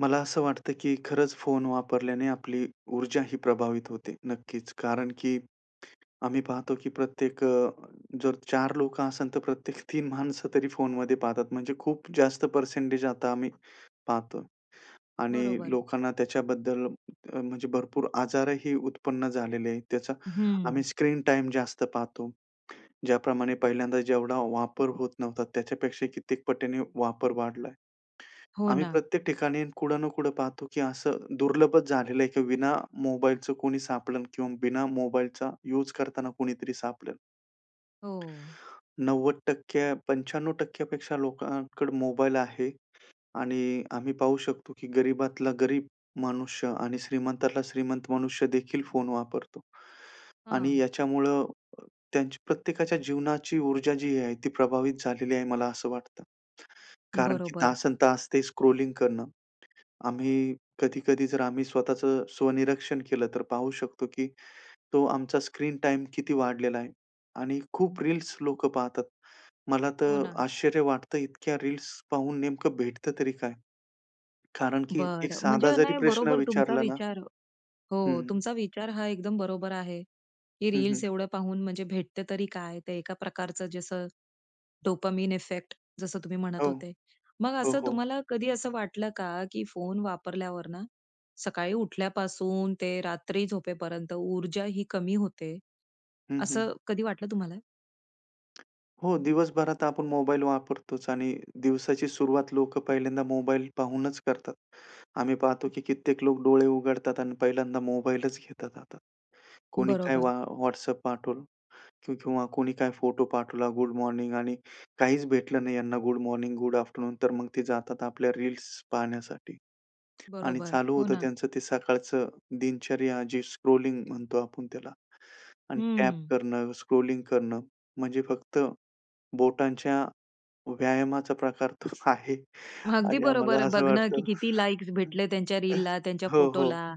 मला असं वाटतं की खरंच फोन वापरल्याने आपली ऊर्जा ही प्रभावित होते. नक्कीच कारण की आम्ही पाहतो की प्रत्येक अ, जर 4 लोकं असेल तर प्रत्येक 3 माणसं तरी फोनमध्ये पाहतात म्हणजे खूप जास्त पर्सेंटेज आता आम्ही पाहतो. आणि बरोबर. लोकांना त्याच्याबद्दल म्हणजे भरपूर आजारही उत्पन्न झालेले आहेत त्याचा हं. आम्ही स्क्रीन टाईम जास्त पाहतो. ज्याप्रमाणे पहिल्यांदा जेवढा वापर होत नव्हता त्याच्यापेक्षा कित्येक पटीने वापर वाढलाय. हो आम्ही ना. प्रत्येक ठिकाणी कुठं ना कुठे पाहतो की असं दुर्लभच झालेलं आहे की विना मोबाईलचं कोणी सापडेल किंवा बिना मोबाईलचा यूज करताना कोणीतरी सापडेल. हो. 90%- 95% पेक्षा लोकांकडे मोबाईल आहे. आणि आम्ही पाहू शकतो की गरीबातला गरीब मनुष्य आणि श्रीमंतातला श्रीमंत मनुष्यदेखील फोन वापरतो. आणि हां. याच्यामुळं त्यांची प्रत्येकाच्या जीवनाची ऊर्जा जी आहे ती प्रभावित झालेली आहे. मला असं वाटतं कारण की बरोबर. तासनतास ते स्क्रॉलिंग करणं आम्ही कधी-कधी जर आम्ही स्वतःचं स्वनिरीक्षण केलं तर पाहू शकतो की तो आमचा स्क्रीन टाईम किती वाढलेला आहे आणि खूप रील्स लोकं पाहतात. मला हो तर ना. आश्चर्य वाटतं इतक्या रील्स पाहून नेमकं भेटतं तरी काय. कारण की एक बरं! साधा म्हणजे जरी नाही प्रश्न बरोबर तुमचा विचारला ना. विचार हो. हं. तुमचा विचार हा एकदम बरोबर आहे. की हं, रील्स हं. एवढं पाहून म्हणजे भेटते तरी काय ते एका प्रकारचं जसं डोपामाइन इफेक्ट जसं तुम्ही म्हणत हो. होते. मग हो, असं हो. तुम्हाला कधी असं वाटलं का की फोन वापरल्यावर ना सकाळी उठल्यापासून ते रात्री झोपेपर्यंत ऊर्जा ही कमी होते. हं, हं. असं कधी वाटलं तुम्हाला? हो दिवसभरात आपण मोबाईल वापरतोच आणि दिवसाची सुरुवात लोकं पहिल्यांदा मोबाईल पाहूनच करतात. आम्ही पाहतो की कित्येक लोक डोळे उघडतात आणि पहिल्यांदा मोबाईलच घेतात हातात. कोणी काय बरोबर. वा WhatsApp पाठवलं किंवा कोणी काय फोटो पाठवला गुड मॉर्निंग आणि काहीच भेटलं नाही यांना गुड मॉर्निंग, गुड आफ्टरनून तर मग ते जातात आपल्या रील्स पाहण्यासाठी. आणि बरोबर, चालू हो होतं ना. त्यांचं ते सकाळचं दिनचर्या जी स्क्रॉलिंग म्हणतो आपण त्याला. आणि टॅप हं. करणं, स्क्रॉलिंग करणं म्हणजे फक्त बोटांच्या व्यायामाचा प्रकार तर आहे अगदी आणि आम्हाला बरोबर. असं बघणं वाटतं किती लाइक्स भेटले. त्यांच्या रीलला त्यांच्या हो. हो. फोटोला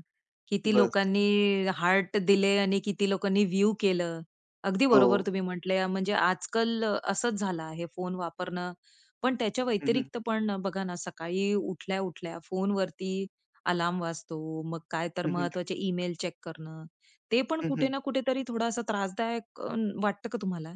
किती बस. लोकांनी हार्ट दिले आणि किती लोकांनी व्ह्यू केलं. अगदी बरोबर हो. तुम्ही म्हंटल म्हणजे आजकाल अ, असंच झालं आहे फोन वापरणं पण त्याच्या हं, हं. व्यतिरिक्त पण बघा ना सकाळी उठल्या-उठल्या फोनवरती अलार्म वाजतो. मग काय तर हं, हं. महत्वाचे ईमेल चेक करणं ते पण हं, कुठे हं. ना कुठेतरी थोडासा त्रासदायक वाटतं का तुम्हाला?